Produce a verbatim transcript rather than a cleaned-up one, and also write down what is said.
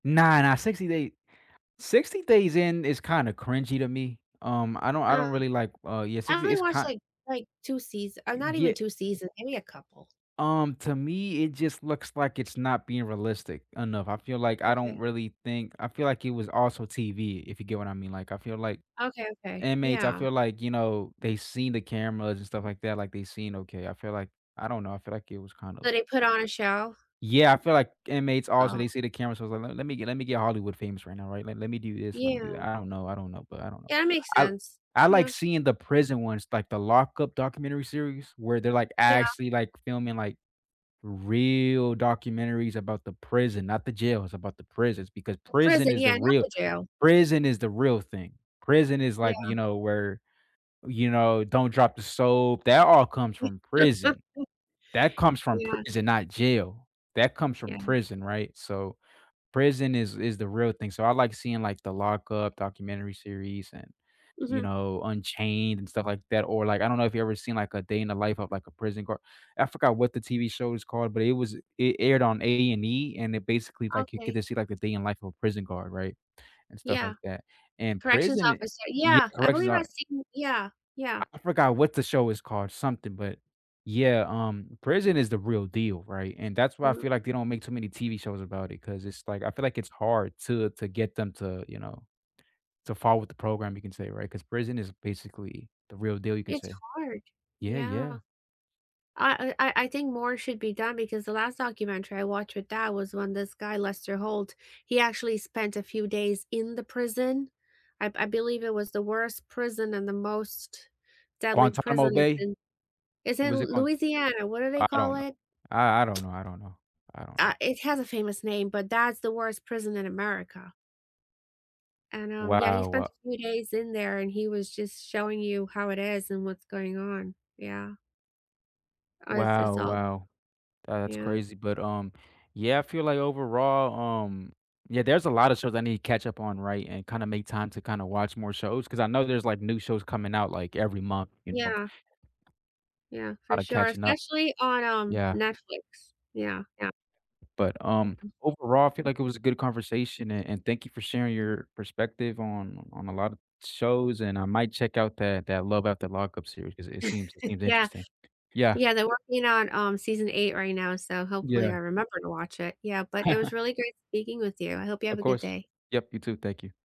Nah, nah, sixty Day sixty Days In is kinda cringy to me, um, I don't I Uh, don't really like, uh, yeah, I sixty only is watched kind like like two seas or Y not yeah even Eh two season maybe a couple. Um, to me, it just looks like it's not being realistic enough. I feel like I don't Okay. really think I feel like it was also TV if you get what I mean, like I feel like Okay, okay, inmates I yeah. feel like, you know, they've seen the cameras and stuff like that, like they seen okay I feel like I don't know, I feel like it was kind So, of they put on a show? Yeah, I feel like inmates also, Oh. they see the camera, so, let let me get let me get Hollywood famous right now, right? Let let me do this, let me Yeah. do that. I don't know, I don't know, but I don't know. Yeah, that makes I sense, I like yeah. seeing the prison ones, like the Lockup documentary series, where they're, like, Yeah. actually, like, filming, like, real documentaries about the prison not the jails, it's about the prisons because The prison prison, is yeah, the not real the jail. prison is the real thing. Prison is, like, Yeah. you know, where, you know, "don't drop the soap", that all comes from prison. That comes from Yeah. prison, not jail that comes Yeah. from prison, right? So, prison is is the real thing so, I like seeing like the Lockup documentary series and, you Mhm. know, Unchained and stuff like that or, like I don't know if you've ever seen like a day in the life of like a prison guard, I forgot what the TV show is called, but it was it aired on A&E and it basically, like, you get Okay. to see, like, a day in the life of a prison guard, right? And stuff Yeah, like that and corrections prison i officer, yeah, yeah, I corrections believe I've are seen yeah, yeah. I forgot what the show is called, something, but yeah, um, prison is the real deal, right? And that's why I Mhm. feel like they don't make too many TV shows about it 'cause it's, like, I feel, like, it's hard to, uh, to to get them to, you know to follow with the program, you can say, right? 'Cause prison is basically the real deal, you can It's say. hard, Yeah, yeah. yeah. I I I I think more should be done because the last documentary I watched with dad was when this guy Lester Holt, he actually spent a few days in the prison? I've I believe it was the worst prison and the most deadly Guantanamo prison is Bay? in it's in Was it called? Louisiana; what do they I call don't know. it? I I don't know, I don't know, I don't Uh, know. it has a famous name, but that's the worst prison in America. And, um, yeah, he Wow spent a wha few days in there and he was just showing you how it is and what's going on, yeah. Uh, it's it's Wow, all wow. That's Yeah. crazy, but um, yeah, I feel like overall, um, yeah, there's a lotta shows I need to catch up on, right? And kinda make time to kinda watch more shows 'cause I know there's like new shows coming out like every month, you know. Yeah. Yeah, for Lotta sure, catching up. especially on, um, Yeah. Netflix, yeah. Yeah. But, um, Mhm. overall, I feel like it was a good conversation a and thank you for sharing your perspective on on a lot of shows and I might check out that that Love After Lockup series cause it seems it seems Yeah. interesting, yeah. Yeah, they're working on, um, season eight right now, so hopefully I Yeah. remember to watch it; yeah, but it was really great speaking with you, I hope you have Of a good course. day. Yup, you too, thank you.